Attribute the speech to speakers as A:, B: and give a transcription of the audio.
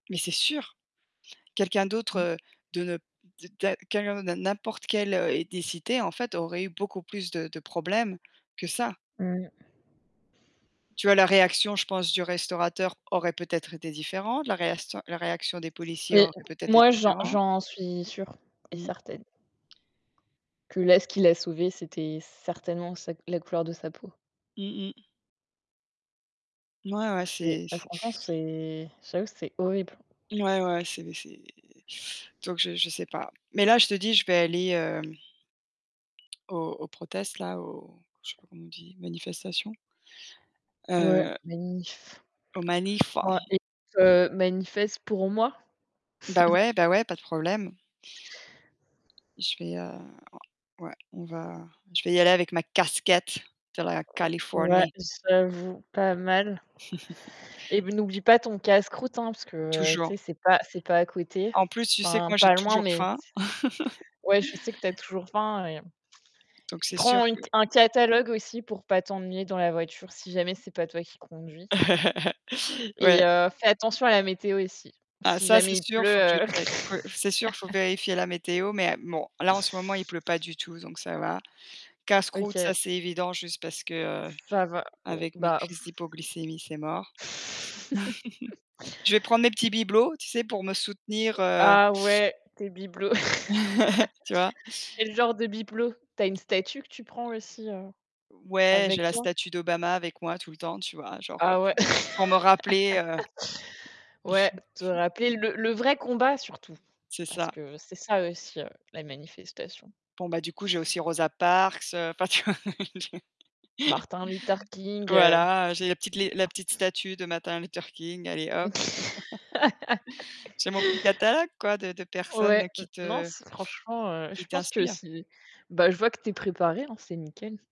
A: Mais c'est sûr. Quelqu'un
B: Mmh.
A: d'autre de ne d d'un quelqu'un de n'im n'importe quelle, heu, ethnicité en fait, aurait eu beaucoup plus de de problèmes que ça.
B: Mmh.
A: Tu vois la réaction, je pense, du restaurateur aurait peut-être été différente, la réaction la réaction des policiers
B: Mais
A: aurait peut-être été
B: moi, j'en
A: différent.
B: j'en suis sûre et
A: Mmh.
B: certaine. Que là, ce qu'il a sauvé, c'était certainement sa la couleur de sa peau.
A: Mmh mh. Mouais, ouais,
B: C'est
A: c'est
B: bah
A: c
B: franchement, c'est j'avoue c'est horrible.
A: Ouais, ouais, c'est c'est donc je je sais pas. Mais là, te dis, je vais aller, hem, aux aux protest là, aux je sais pas comment on dit? Manifestations.
B: Ouais,
A: Heu
B: manif.
A: Aux manifs.
B: Ouais, écoute, heu, manifeste pour moi.
A: Bah ouais, bah, ouais, pas de problème. Je vais, heu, ou ouais, on va je vais y aller avec ma casquette de la
B: Ouais,
A: Californie.
B: j'avoue, pas mal. Et n'oublie pas ton casse-croûte, hein, parce que tu
A: Toujours.
B: sais, c'est pas c'est pas à côté,
A: En plus, tu sais que
B: enfin
A: moi, j'ai
B: pas loin,
A: toujours
B: mais
A: faim.
B: ouais, je sais que tu as toujours faim et
A: Donc, c'est sûr
B: prends une
A: que
B: un catalogue aussi pour pas t'ennuyer dans la voiture si jamais c'est pas toi qui conduis. Et
A: Ouais.
B: heu, fais attention à la météo ici,
A: Ah,
B: si
A: ça, c'est
B: jamais il
A: sûr, faut que je
B: pleut, heu
A: check. Faut c'est sûr, faut vérifier la météo mais bon, là, en ce moment, il pleut pas du tout donc ça va. Casse-croûte,
B: OK.
A: ça, c'est évident, juste parce que
B: Ça va, o
A: avec mes
B: bah
A: crises d'hypoglycémie, c'est mort. Je vais prendre mes petits bibelots, tu sais, pour me soutenir,
B: Heu,
A: heu
B: ah ouais, tes bibelots.
A: Tu vois?
B: Quel genre de bibelot? Tu as une statue que tu prends aussi, heu,
A: Ouais, j'ai
B: avec
A: la
B: toi?
A: statue d'Obama avec moi tout le temps, tu vois, genre
B: Ah ouais.
A: pour m pour me rappeler, heu
B: Ouais, te rappeler le le vrai combat surtout,
A: C'est
B: parce
A: ça.
B: que c'est ça aussi, heu, la manifestation.
A: Bon bah, du coup, j'ai aussi Rosa Parks, enfin tu vois?
B: Martin Luther King, heu
A: Voilà, j'ai la petite la petite statue de Martin Luther King, allez hop. J'ai mon petit catalogue quoi, de de
B: Ouais,
A: personnes
B: n
A: qui
B: non
A: te
B: c'est franchement,
A: qui
B: je pense que
A: t'inspirent.
B: si bah, je vois que tu es préparée, hein, c'est nickel.